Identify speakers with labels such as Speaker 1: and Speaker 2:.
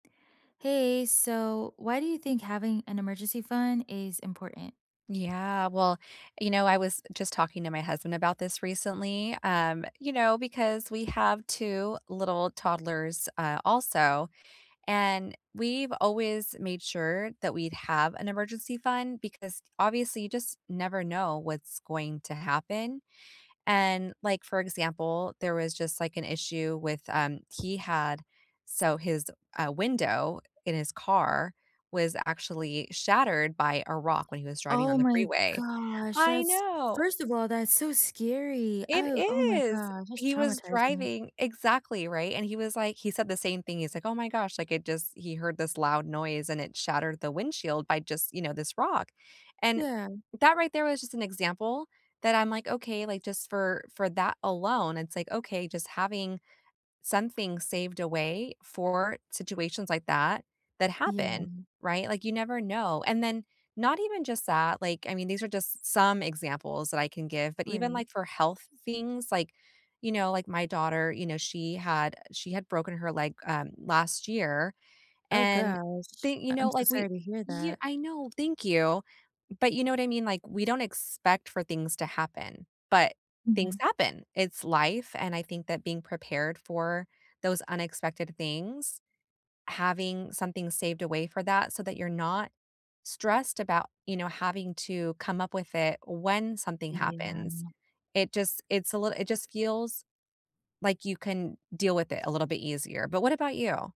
Speaker 1: Hey. So, why do you think having an emergency fund is important?
Speaker 2: Yeah. Well, you know, I was just talking to my husband about this recently, um, you know, because we have 2 little toddlers, uh, also, and we've always made sure that we'd have an emergency fund because, obviously, you just never know what's going to happen. And, like, for example, there was just, like, an issue with, um he had so, his, uh, window in his car was actually shattered by a rock when he was driving on
Speaker 1: Oh
Speaker 2: the
Speaker 1: my
Speaker 2: freeway.
Speaker 1: gosh.
Speaker 2: I
Speaker 1: That's
Speaker 2: know!
Speaker 1: first of all, that's so scary.
Speaker 2: It
Speaker 1: Oh oh my
Speaker 2: is!
Speaker 1: god. That's
Speaker 2: He was
Speaker 1: traumatizing me.
Speaker 2: driving exactly, right? And, he was, like he said the same thing, he's like, "Oh my gosh." Like, it just he heard this loud noise and it shattered the windshield by just, you know, this rock. And,
Speaker 1: Yeah.
Speaker 2: that right there was just an example that I'm like, okay, like, just for for that alone, it's like, okay, just having something saved away for situations like that, that
Speaker 1: Yeah.
Speaker 2: happen, right? Like, you never know. And then, not even just that, like, I mean, these are just some examples that I can give, but even,
Speaker 1: Right.
Speaker 2: like, for health things, like, you know, like my daughter, you know, she had uh, she had broken her leg, um, last year,
Speaker 1: Oh
Speaker 2: and
Speaker 1: gosh.
Speaker 2: they you
Speaker 1: I
Speaker 2: know,
Speaker 1: I'm so
Speaker 2: like, we
Speaker 1: sorry to hear
Speaker 2: y
Speaker 1: that.
Speaker 2: I know, thank you. But, you know what I mean? Like, we don't expect for things to happen, but things
Speaker 1: Mhm.
Speaker 2: happen! It's life, and, I think that being prepared for those unexpected things, having something saved away for that so that you're not stressed about, you know, having to come up with it when something happens.
Speaker 1: Yeah.
Speaker 2: It just it's a littl it just feels like you can deal with it a little bit easier. But, what about you?